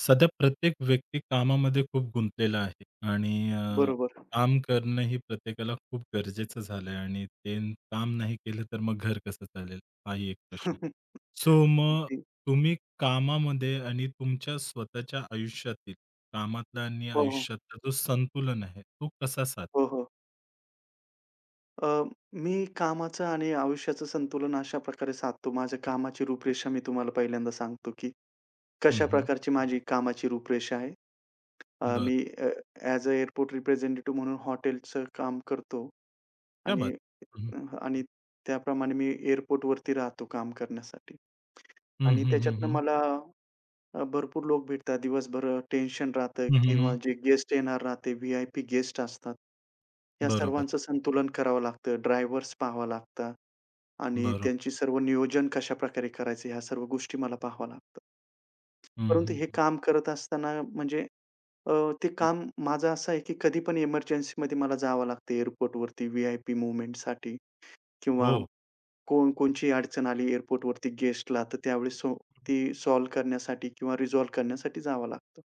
सध्या प्रत्येक व्यक्ती कामामध्ये खूप गुंतलेला आहे आणि अ, बरोबर. काम करणं ही प्रत्येकाला खूप गरजेचं झालंय आणि त्यांनी काम नाही केलं तर मग घर कसं चालेल? हाही एक प्रश्न आहे. सो मग, अगदी. तुम्ही कामामध्ये आणि तुमच्या स्वतःच्या आयुष्यातील, कामातला आणि हो, हो. आयुष्यातला जो संतुलन आहे, तो कसा साधता? हो, हो. अ, मी कामाचं आणि आयुष्याचं संतुलन अशा प्रकारे साधतो. माझ्या हं. कामाची रूपरेषा मी तुम्हाला पहिल्यांदा सांगतो, की हं, हं. कशाप्रकारची माझी कामाची रूपरेषा आहे. अ, बरं. मी अ, ॲज अ एअरपोर्ट रिप्रेझेंटेटिव्ह म्हणून हॉटेलचं काम करतो क्या आणि बात! हं, हं. अ, आणि त्याप्रमाणे मी एअरपोर्टवरती राहतो काम करण्यासाठी हं, आणि हं, हं, त्याच्यातनं हं. मला अ, भरपूर लोक भेटतात. दिवसभर टेन्शन राहतंय हं, हं, किंवा हं. जे गेस्ट येणार राहते, व्हि-आय-पी गेस्ट असतात. या बरोबर. सर्वांचं संतुलन करावं लागतं, ड्रायव्हर्स पहावं लागतात आणि बरोबर. त्यांची सर्व नियोजन कशाप्रकारे करायचं ह्या सर्व गोष्टी मला पाहाव्या लागतात. हं, परंतु हं, हे हं. काम करत असताना म्हणजे अ, ते हं. काम माझं असं आहे की कधी पण एमर्जन्सीमध्ये मला जावं लागतं एअरपोर्टवरती, व्हि-आय-पी मूव्हमेंटसाठी किंवा हो. कोण कोणतीही अडचण आली एअरपोर्टवरती गेस्टला तर त्यावेळेस सो हं, हं. ती सॉल्व्ह करण्यासाठी किंवा रिझॉल्व्ह करण्यासाठी जावं लागतं.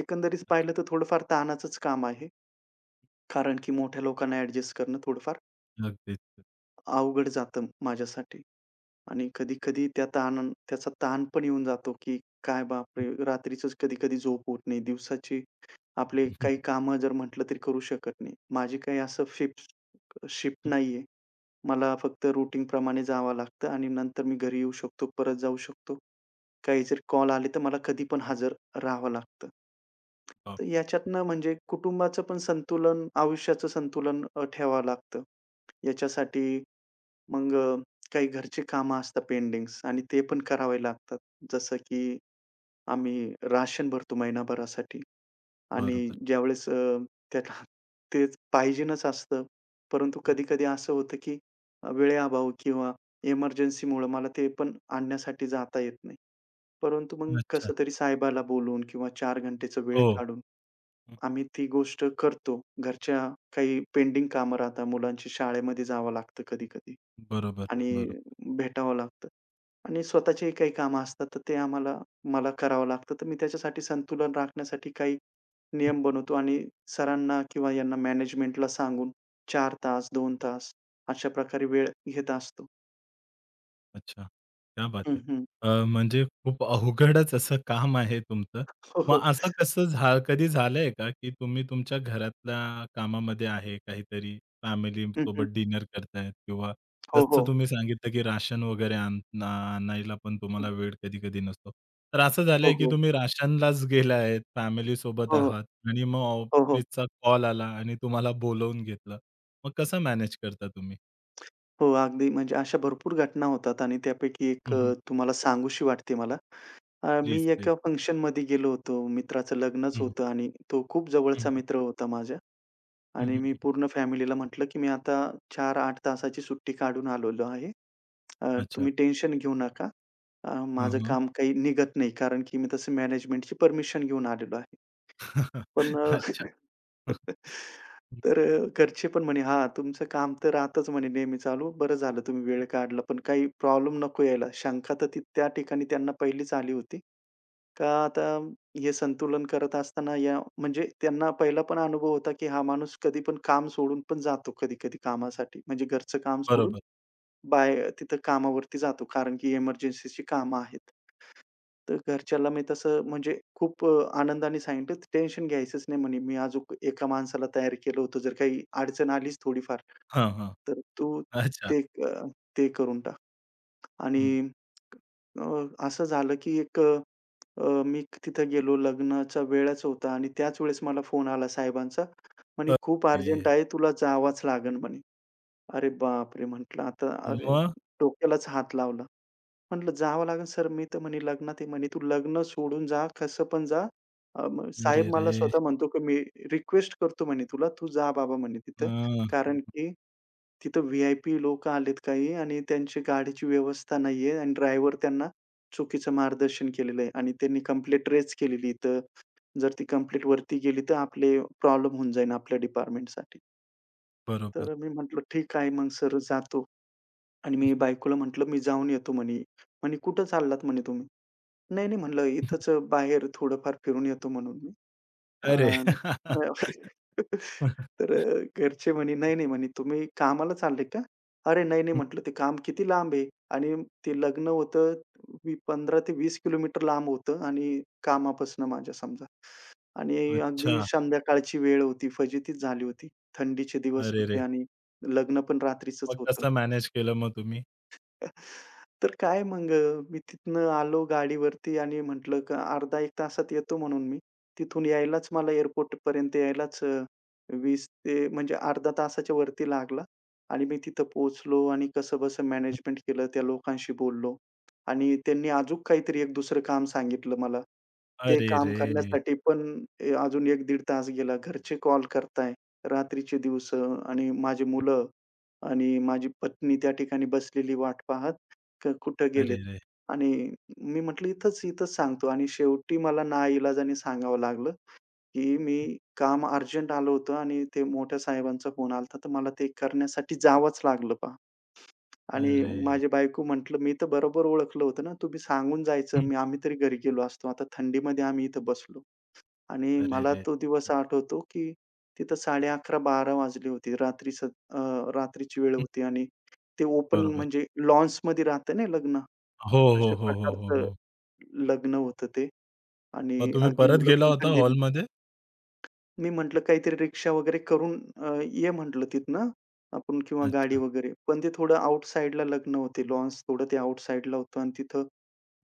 एकंदरीत अच्छा. पाहिलं तर थोडंफार ताणाचंच काम आहे. कारण की मोठ्या लोकांना ॲडजस्ट करणं थोडंफार नक्कीच. अवघड जातं माझ्यासाठी आणि कधी-कधी त्या ताणा त्याचा ताण पण येऊन जातो की काय बाप हं. रे! रात्रीचंच कधी-कधी झोप होत नाही. दिवसाची आपले काही कामं जर म्हटलं तरी करू शकत नाही. माझी काही असं शिफ्ट शिफ्ट हं. नाहीये. मला फक्त रूटीनप्रमाणे जावं लागतं आणि नंतर मी घरी येऊ शकतो, परत जाऊ शकतो. काही जरी कॉल आले तर मला कधीपण हजर रहावं लागतं. हां. तर ह्याच्यातनं म्हणजे कुटुंबाचं पण संतुलन आयुष्याचं संतुलन अ, ठेवावं लागतं. याच्यासाठी मग अ, काही घरची कामं असतात पेंडिंग्स आणि ते पण करावे लागतात. जसं की आम्ही राशन भरतो महिनाभरासाठी आणि बरोबर. ज्यावेळेस अ, त्यात तेच पाहिजेनच असतं. परंतु हं. कधी-कधी असं होतं की वेळे अभाव किंवा एमर्जन्सीमुळं मला ते पण आणण्यासाठी जाता येत नाही. परंतु मग अच्छा. कसं तरी साहेबाला बोलून किंवा 4 घंटेचा वेळ हो. काढून, हं. आम्ही ती गोष्ट करतो. घरच्या काही पेंडिंग कामं राहतात मुलांची शाळेमध्ये जावं लागतं कधी-कधी बरोबर, आणि बरोबर. भेटावं लागतं. आणि स्वतःचीही काही कामं असतात, तर ते आम्हाला मला करावं लागतं. तर मी त्याच्यासाठी संतुलन राखण्यासाठी काही हं. नियम बनवतो आणि सरांना किंवा यांना मॅनेजमेंटला सांगून 4 तास, 2 तास अशाप्रकारे वेळ घेत असतो. अच्छा. क्या बात हं, है हं. अ, म्हणजे खूप अवघडच असं काम आहे तुमचं. हो, मग हो. असं कसं झा कधी झालंय का, की तुम्ही तुमच्या घरातल्या कामामध्ये आहे काहीतरी, हं, हं. फॅमिलीसोबत डिनर करताय किंवा हो, जसं हो. तुम्ही सांगितलं, की राशन वगैरे आणा आणायला पण तुम्हाला हं. वेळ कधी-कधी नसतो. तर असं हो, झालंय, की हो. तुम्ही राशनलाच गेला आहेत, फॅमिलीसोबत हो, हो. आहात आणि मग हो, हो. ऑफिसचा कॉल आला आणि तुम्हाला बोलावून घेतलं. मग कसं मॅनेज करता तुम्ही? हो. अगदी. म्हणजे अशा भरपूर घटना होतात आणि त्यापैकी 1 हं, हं. अ, तुम्हाला सांगूशी वाटते मला. अ, मी प्लीज, प्लीज. एका फंक्शनमध्ये गेलो होतो. मित्राचं लग्नच हं, हं. होतं आणि तो खूप हं, जवळचा हं. मित्र होता माझ्या हं, आणि हं, मी हं. पूर्ण फॅमिलीला म्हटलं, की मी आता 4-8 तासाची सुट्टी काढून आलेलो आहे. अ, अच्छा. तुम्ही टेन्शन घेऊ नका. अ, हां, माझं हां. काम काही निघत नाही कारण, की मी तसं मॅनेजमेंटची परमिशन घेऊन आलेलो आहे. पण अ, अच्छा. हं. तर अ, घरचे पण म्हणे, "हा तुमचं काम तर राहातच म्हणे नेहमी चालू. बरं झालं तुम्ही हं. वेळ काढला पण काही प्रॉब्लेम नको यायला." शंका तर ती त्या ठिकाणी त्यांना पहिलीच आली होती. हं. का आता हे संतुलन करत असताना या म्हणजे त्यांना पहिला पण अनुभव होता, की हा माणूस कधी पण काम सोडून पण जातो कधी-कधी कामासाठी. म्हणजे घरचं काम सोडून बरोबर. बाहे तिथं कामावरती जातो कारण की एमर्जन्सीची कामं आहेत. तर घरच्याला मी तसं म्हणजे, खूप अ, आनंदाने सांगितलं टेन्शन घ्यायचंच नाही म्हणे मी अ, अजून एका माणसाला तयार केलं होतं जर काही अडचण आलीच थोडीफार. हां, हां. तर तू अच्छा. ते अ, ते करून टाक हं. आणि अ, असं झालं, की एक अ, अ, मी तिथं गेलो लग्नाचा वेळच होता आणि त्याच वेळेस मला फोन आला साहेबांचा. म्हणे परत "खूप अर्जंट ये. आहे तुला जावच लागेल म्हणे." अरे बापरे! म्हटलं आता अरे मग? डोक्यालाच हात लावला. म्हटलं "जावं लागेल सर मी तर म्हणे लग्नात" म्हणे "तू लग्न सोडून जा कसं पण जा" अ, साहेब मला अरेरे! स्वतः म्हणतो, की मी रिक्वेस्ट करतो म्हणे तुला, तू जा बाबा म्हणे अ, तिथं. कारण की तिथं व्हि-आय-पी लोक आलेत काही. आणि त्यांची गाडीची व्यवस्था नाहीये आणि ड्रायव्हर त्यांना चुकीचं मार्गदर्शन केलेलं आहे आणि त्यांनी कम्प्लेंट रेज केलेली इथं. जर ती कम्प्लेंटवरती गेली तर आपले प्रॉब्लेम होऊन जाईल आपल्या डिपार्टमेंटसाठी. बरोबर. तर मी म्हटलं, "ठीक आहे, मग सर जातो" आणि मी बायकोला म्हटलं, "मी जाऊन येतो." म्हणे. म्हणे, "कुठे चाललात," म्हणे, "तुम्ही?" "नाही, नाही" म्हटलं, "इथंच अ, बाहेर थोडंफार फिरून येतो म्हणून मी." अ, अरे. अ, तर अ, घरचे म्हणे, "नाही, नाही," म्हणे, "तुम्ही कामाला चाललेत का?" "अरे नाही, नाही" हं. म्हटलं, "ते काम किती लांब आहे." आणि ते लग्न होतं 15 ते 20 किलोमीटर लांब होतं आणि कामापासून माझ्या समजा आणि अगदी अच्छा. संध्याकाळची वेळ होती फजितीच झाली होती. थंडीचे दिवस होते अरेरे! आणि लग्न पण रात्रीचंच मग होतं. कसं मॅनेज केलं मग तुम्ही? तर काय मग अ, मी तिथनं आलो गाडीवरती आणि म्हटलं, "अर्धा एक तासात येतो," म्हणून मी. तिथून यायलाच मला, एअरपोर्टपर्यंत यायलाच अ, 20 ते म्हणजे अर्धा तासाच्या वरती लागला आणि मी तिथं पोहोचलो आणि कसंबसं हं. मॅनेजमेंट केलं त्या लोकांशी बोललो आणि त्यांनी अजून काहीतरी एक दुसरं काम सांगितलं मला. ते काम अरेरेरे! करण्यासाठी पण अ, अजून 1 दीड तास गेला. घरचे कॉल करताय, रात्रीचे दिवस आणि माझी हं. मुलं आणि माझी पत्नी त्या ठिकाणी बसलेली वाट पाहत का कुठे गेलेत अरेरे! आणि अ, मी म्हटलं, "इथंच, इथंच," सांगतो आणि शेवटी मला नाइलाजाने सांगावं लागलं, की हं. मी "काम अर्जंट आलं होतं आणि ते मोठ्या साहेबांचा फोन आला होता तर मला ते करण्यासाठी जावंच लागलं पहा." आणि अरे! माझी बायको हं. म्हटलं, "मी तर बरोबर ओळखलं होतं ना, तुम्ही सांगून हं. जायचं आम्ही तरी घरी गेलो असतो. आता थंडीमध्ये आम्ही इथे बसलो." आणि मला अरेरे! तो हं. दिवस आठवतो, की तिथं 11:30-12:00 वाजली होती रात्रीचं. अ, रात्रीची वेळ हं. होती. आणि ते ओपन बरोबर. म्हणजे, लॉन्समध्ये राहत ना लग्न हो, हो, अशा हो, हो, हो, प्रकारचं हो. लग्न होतं ते मग आणि तुम्ही अगदी परत मुलं गेला पण होता थंडीने हॉलमध्ये? मी म्हटलं काहीतरी रिक्षा वगैरे करून अ, ये म्हटलं तिथनं आपण किंवा गाडी अच्छा. वगैरे, पण ते थोडं आउटसाइडला लग्न होते, लॉन्स थोडं ते आउटसाइडला होतं अन् तिथं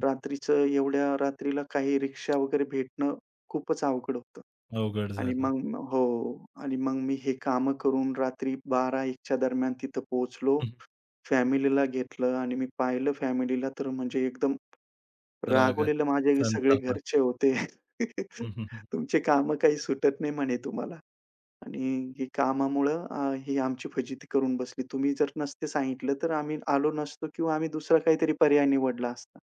हं, हं. रात्रीचं एवढ्या रात्रीला काही रिक्षा वगैरे भेटणं खूपच अवघड होतं अवघड आणि झालं. मग हो आणि मग मी हे कामं करून रात्री 12:00-01:00 च्या दरम्यान तिथं पोहोचलो, हं, हं. फॅमिलीला घेतलं आणि मी पाहिलं फॅमिलीला तर म्हणजे एकदम, रागात, रागवलेले माझे सगळे संतापात. घरचे होते. हं, हं, हं, हं. तुमची कामं काही सुटत नाही म्हणे तुम्हाला आणि ही कामामुळं अ, ही आमची फजिती करून बसली. तुम्ही जर नसतं सांगितलं तर आम्ही आलो नसतो किंवा आम्ही दुसरा काहीतरी पर्याय निवडला असता.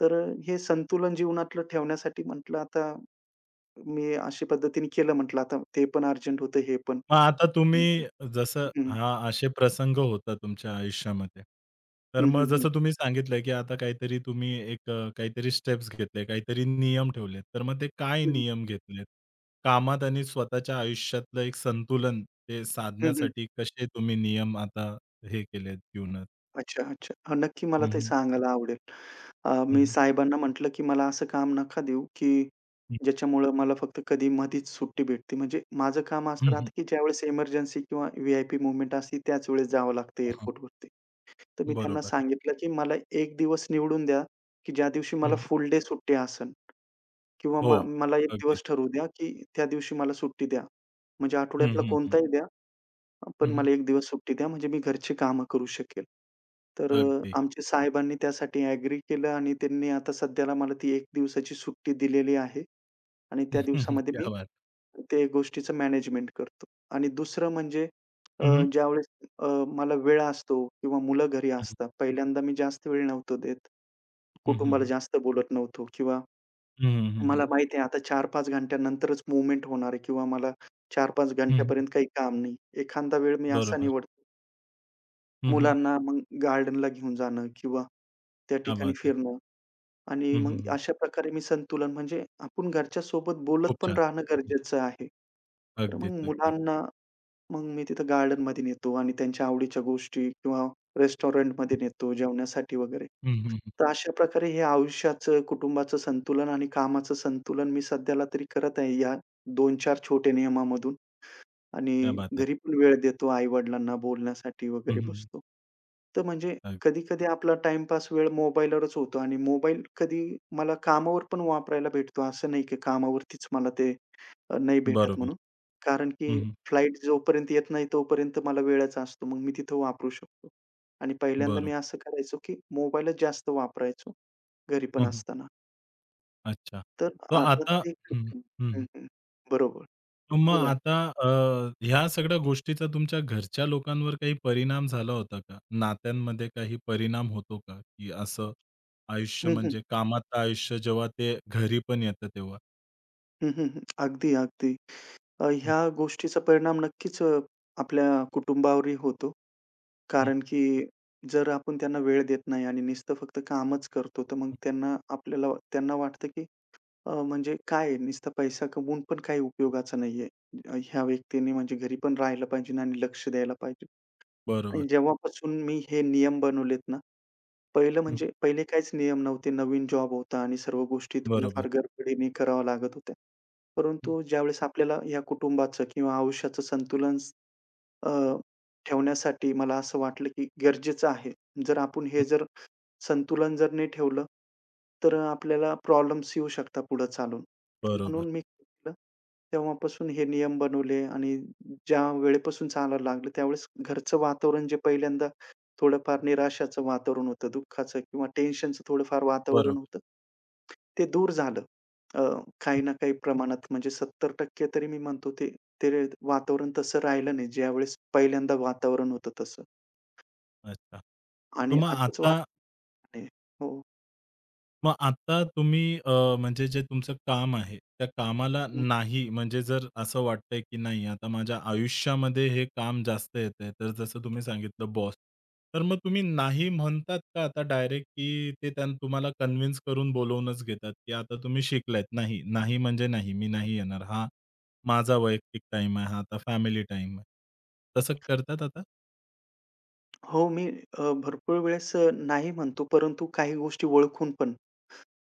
तर अ, हे संतुलन जीवनातलं ठेवण्यासाठी म्हटलं आता मी अशा पद्धतीने केलं म्हटलं आता ते पण अर्जंट होतं, हे पण. मग आता तुम्ही हं, हं, जसं हं, हं. हां, असे प्रसंग होतात तुमच्या आयुष्यामध्ये. तर हं, मग हं, हं. जसं तुम्ही सांगितलं, की आता काहीतरी तुम्ही एक अ, काहीतरी स्टेप्स घेतले, काहीतरी नियम ठेवलेत, तर मग ते काय हं, हं. नियम घेतलेत कामात आणि स्वतःच्या आयुष्यातलं एक संतुलन ते हं, हं. साधण्यासाठी कसे तुम्ही नियम आता हे केलेत जीवनात? अच्छा-अच्छा. नक्की, हं, मला ते हं. सांगायला आवडेल. अ हं, मी हं. साहेबांना म्हटलं, की मला असं काम नका देऊ की हं. ज्याच्यामुळं मला फक्त कधी मधीच सुट्टी भेटते म्हणजे माझं काम हं, असं हं. राहतं, की ज्यावेळेस एमर्जन्सी किंवा व्ही-आय-पी मूव्हमेंट असते त्याच वेळेस जावं लागतं हं, हं. एअरपोर्टवरती. तर मी त्यांना बरोबर. सांगितलं, की मला एक दिवस निवडून द्या की ज्या दिवशी मला हं. फुल डे सुट्टी असेल. किंवा मला हो, मला एक अगदी. दिवस ठरवू द्या, की त्या दिवशी मला सुट्टी द्या. म्हणजे हं, आठवड्यातला हं, हं. कोणताही द्या. पण हं, हं. मला एक दिवस सुट्टी द्या म्हणजे मी घरची कामं करू शकेल. तर अगदी. आमचे साहेबांनी त्यासाठी अग्री केलं आणि त्यांनी आता सध्याला मला ती एक दिवसाची सुट्टी दिलेली आहे आणि त्या दिवसामध्ये मी क्या बात! ते गोष्टीचं मॅनेजमेंट करतो आणि दुसरं म्हणजे अ, हं, हं. ज्यावेळेस अ, मला वेळ असतो किंवा मुलं घरी हं, हं. असतात पहिल्यांदा मी जास्त वेळी नव्हतो देत. हं, हं, कुटुंबाला हं. जास्त बोलत नव्हतो किंवा हं, हं, हं, मला हं. माहिती आहे आता 4-5 घंट्यानंतरच मूव्हमेंट होणार आहे किंवा मला 4-5 हं, हं. घंट्यापर्यंत काही काम नाही. एखादा वेळ मी असा बरोबर. निवडतो. हं, हं. मुलांना मग गार्डनला घेऊन जाणं किंवा त्या क्या ठिकाणी बात है. फिरणं आणि हं, हं, मग हं. अशा प्रकारे मी संतुलन म्हणजे आपण घरच्यासोबत बोलत खूप पण छान. राहणं हं, हं. गरजेचं आहे. तर अगदीच, मग अगदीच. मुलांना मग मी तिथं गार्डनमध्ये नेतो आणि त्यांच्या आवडीच्या गोष्टी किंवा रेस्टॉरंटमध्ये हं. नेतो जेवण्यासाठी वगैरे. हं, हं, हं. तर अशा प्रकारे हे आयुष्याचं कुटुंबाचं संतुलन आणि कामाचं संतुलन मी सध्याला तरी करत आहे. या 2-4 छोटे नियमामधून क्या आणि बात है. घरी पण वेळ देतो आई-वडिलांना बोलण्यासाठी हं, वगैरे हं, हं. बसतो. तर म्हणजे अग कधी-कधी आपला टाईमपास वेळ मोबाईलवरच होतो आणि मोबाईल कधी मला कामावर पण वापरायला भेटतो असं नाही, की कामावरतीच मला ते अ, नाही भेटत बरोबर. म्हणून कारण हं, की हं. फ्लाइट जोपर्यंत येत नाही तोपर्यंत मला वेळाच असतो मग मी तिथं वापरू शकतो आणि पहिल्यांदा मी बरोबर. असं करायचो, की मोबाईलच जास्त वापरायचो घरी हं, पण हं. असताना. अच्छा. तर तर आता आता ते हं, हं, [unintelligible] हं, हं, हं. हं. बरोबर, तर मग बोला. आता अ, ह्या सगळ्या गोष्टीचा तुमच्या घरच्या लोकांवर काही परिणाम झाला होता का? नात्यांमध्ये काही परिणाम होतो का, की असं आयुष्य हं, हं. म्हणजे कामात आयुष्य जेव्हा ते घरी पण येतं तेव्हा? हं, हं, हं, अगदी अगदी. अ, हं. ह्या गोष्टीचा परिणाम नक्कीच आपल्या कुटुंबावरही होतो. हं. कारण की जर आपण त्यांना वेळ देत नाही आणि नुसतं फक्त कामच करतो तर मग हं. त्यांना आपल्याला त्यांना वाटतं, की अ, म्हणजे काय नुसता पैसा कमवून पण काही उपयोगाचा नाहीये. ह्या व्यक्तींनी म्हणजे घरी पण राहायला पाहिजे आणि लक्ष द्यायला पाहिजे बरोबर. आणि जेव्हापासून मी हे नियम बनवलेत ना पहिलं हं. म्हणजे पहिले काहीच नियम नव्हते नवीन जॉब होता आणि सर्व गोष्टी थोड्याफार बरोबर. गडबडीने कराव्या लागत होत्या. हं. परंतु ज्यावेळेस आपल्याला ह्या कुटुंबाचं किंवा आयुष्याचं संतुलन अ, ठेवण्यासाठी मला असं वाटलं, की गरजेचं आहे. जर आपण हं. हे जर संतुलन जर नाही ठेवलं, तर हं. आपल्याला प्रॉब्लेम्स येऊ शकतात पुढे चालून. तर बरोबर. म्हणून मी म्हटलं, तेव्हापासून हे नियम बनवले आणि ज्यावेळेपासून चालायला लागलं त्यावेळेस घरचं वातावरण जे पहिल्यांदा थोडंफार हं. निराशाचं वातावरण होतं, दुःखाचं किंवा टेन्शनचं थोडंफार वातावरण बरोबर. होतं. ते दूर झालं. अ, काही हं. ना काही प्रमाणात म्हणजे 70% तरी मी म्हणतो ते ते वातावरण तसं राहिलं नाही. ज्यावेळेस पहिल्यांदा वातावरण होतं तसं. अच्छा, तर आणि मग आताच वाताव आता फरक आहे, हो. मग आता तुम्ही अ, म्हणजे जे तुमचं काम आहे, त्या कामाला [unintelligible] नाही म्हणजे जर असं वाटतंय, की नाही आता माझ्या आयुष्यामध्ये हे काम जास्त येतंय, तर जसं तुम्ही सांगितलं बॉस. तर मग तुम्ही नाही म्हणतात का आता डायरेक्ट, की ते त्यान तुम्हाला कन्विन्स करून बोलावूनच घेतात, की आता तुम्ही शिकलात नाही, नाही म्हणजे नाही, मी नाही येणार. हा माझा वैयक्तिक टाईम आहे. हा आता फॅमिली टाईम आहे. तसं करतात आता? हो. मी अ, भरपूर वेळेस अ, नाही म्हणतो. परंतु काही गोष्टी ओळखून पण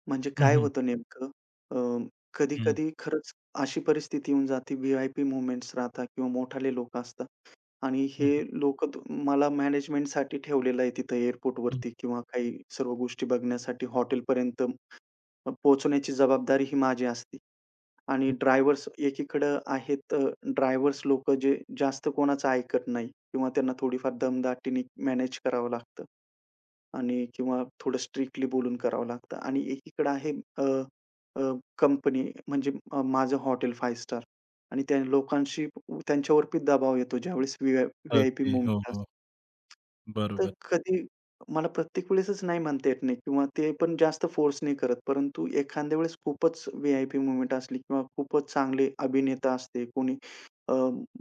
म्हणजे हं, काय हं. होतं नेमकं अ, हं. कधी-कधी खरंच अशी परिस्थिती येऊन जाते व्ही-आय-पी मूव्हमेंट्स राहतात किंवा मोठाले लोक असतात आणि हं, हे हं. लोक त मला मॅनेजमेंटसाठी ठेवलेलं आहे तिथं [unintelligible] एअरपोर्टवरती किंवा काही सर्व गोष्टी बघण्यासाठी, हॉटेलपर्यंत पोहोचवण्याची जबाबदारी ही माझी असती. आणि [unintelligible] ड्रायव्हर्स एकीकडं आहेत अ, ड्रायव्हर्स लोक जे जास्त कोणाचं ऐकत नाही किंवा त्यांना थोडीफार दमदाटीने मॅनेज करावं लागतं आणि किंवा थोडं स्ट्रिक्टली बोलून करावं लागतं आणि एकीकडे आहे अ, अ, कंपनी अ, म्हणजे माझं हॉटेल 5 स्टार आणि त्या लोकांशी त्यांच्यावरती दबाव येतो ज्यावेळेस व्हि व्ही-आय-पी ओके. हो, मूव्हमेंट हो. असतं. तर बरोबर. कधी मला प्रत्येक वेळेसच नाही म्हणता येत नाही किंवा ते पण जास्त फोर्स नाही करत. परंतु एखाद्या वेळेस खूपच व्ही-आय-पी मूव्हमेंट असली किंवा खूपच चांगले अभिनेता असते. कोणी अ,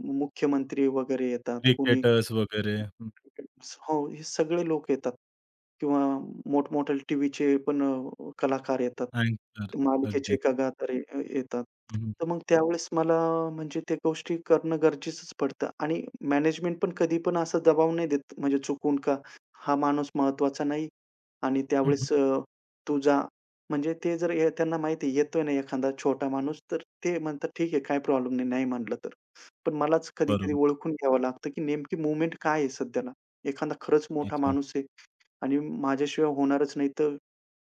मुख्यमंत्री वगैरे येतात कोणी. क्रिकेटर्स [unintelligible] वगैरे. हो. हे सगळे लोक येतात किंवा मोठमोठ्याले टीव्हीचे पण अ, कलाकार येतात. अँकर, मालिकेचे अगदीच. एका [unintelligible] अ, येतात. हं, हं. तर मग त्यावेळेस मला अ, म्हणजे त्या गोष्टी करणं गरजेचंच पडतं आणि मॅनेजमेंट पण कधी पण असा दबाव नाही देत म्हणजे चुकून का हा माणूस महत्वाचा नाही आणि हं, हं. त्यावेळेस अ, तू जा. म्हणजे ते जर ये त्यांना माहिती येतोय ना एखादा छोटा माणूस तर ते म्हणतात, "ठीक आहे, काही प्रॉब्लेम नाही नाही म्हणलं तर." पण मलाच कधी-कधी बरोबर. ओळखून घ्यावं लागतं, की नेमकी मूव्हमेंट काय आहे सध्याला? एखादा खरंच मोठा अच्छा. माणूस आहे आणि माझ्याशिवाय होणारच नाही. तर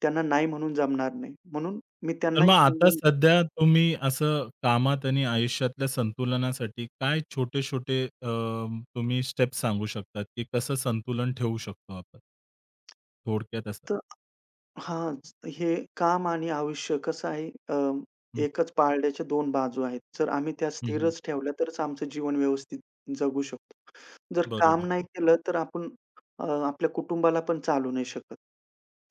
त्यांना नाही म्हणून जमणार नाही. म्हणून मी तर त्यांनाही मग आता समजून घेतो. सध्या तुम्ही असं कामात आणि आयुष्यातल्या संतुलनासाठी काय छोटे-छोटे अ, तुम्ही स्टेप्स सांगू शकता, की कसं संतुलन ठेवू शकतो आपण? थोडक्यात असं. तर हां. हे काम आणि आयुष्य कसं आहे अ, हं. एकच पारड्याच्या दोन बाजू आहेत. जर आम्ही त्या हं, हं. स्थिरच ठेवल्या तरच आमचं जीवन व्यवस्थित जगू शकतो. जर काम बरोबर. नाही केलं तर आपण अ, आपल्या कुटुंबाला पण चालू नाही शकत.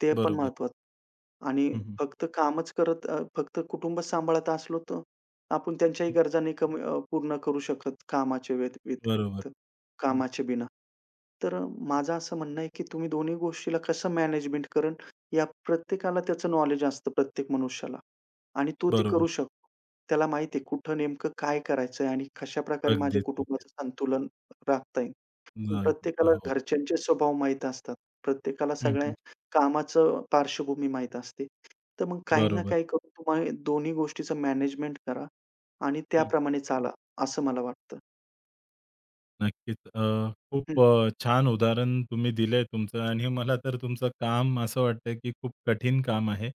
ते पण बरोबर. महत्त्वाचं आणि हं, हं. फक्त कामच करत अ, फक्त कुटुंब सांभाळत असलो तर आपण त्यांच्याही हं. गरज नाही कमी अ, पूर्ण करू शकत कामाच्या व्यत बरोबर. व्यतिरिक्त, हं, हं. कामाचे बिना. तर अ, माझं असं म्हणणं आहे, की तुम्ही दोन्ही गोष्टीला कसं मॅनेजमेंट करणं या प्रत्येकाला त्याचं नॉलेज असतं प्रत्येक मनुष्याला आणि तो ते करू बरोबर. शकतो. त्याला माहिती आहे कुठं नेमकं काय करायचंय आणि कशाप्रकारे माझ्या अगदीच, अगदीच. कुटुंबाचं संतुलन राखता येईल. पण नाही. प्रत्येकाला हो, हो. घरच्यांचे स्वभाव माहीत असतात. प्रत्येकाला हं, सगळ्या हं. कामाचं पार्श्वभूमी माहीत असते. तर मग काही ना बरोबर. काही करून तुम्हाला दोन्ही गोष्टीचं मॅनेजमेंट करा आणि हं. त्याप्रमाणे चाला असं मला वाटतं. नक्कीच, अ, हं. खूप अ, छान उदाहरण तुम्ही दिलंय तुमचं आणि मला तर तुमचं काम असं वाटतंय, की खूप कठीण काम आहे.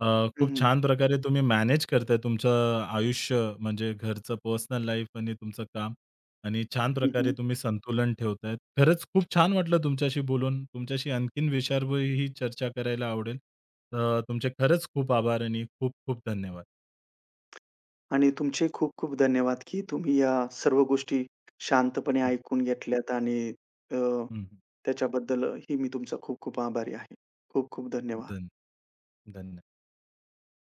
अ, हं, खूप हं, हं. छान प्रकारे तुम्ही मॅनेज करताय. तुमचं अ, आयुष्य म्हणजे घरचं पर्सनल लाईफ आणि तुमचं काम आणि छान हं, प्रकारे हं. तुम्ही संतुलन ठेवताहेत. खरंच खूप छान वाटलं तुमच्याशी बोलून तुमच्याशी आणखीन विषयावरही चर्चा करायला आवडेल. तर तुमचे खरंच खूप आभार आणि खूप-खूप धन्यवाद. आणि तुमचेही खूप-खूप धन्यवाद, की तुम्ही या सर्व गोष्टी शांतपणे हं. ऐकून घेतल्यात आणि अ, हं, हं. त्याच्याबद्दलही मी तुमचा खूप-खूप आभारी आहे. खूप-खूप धन्यवाद. धन् धन्य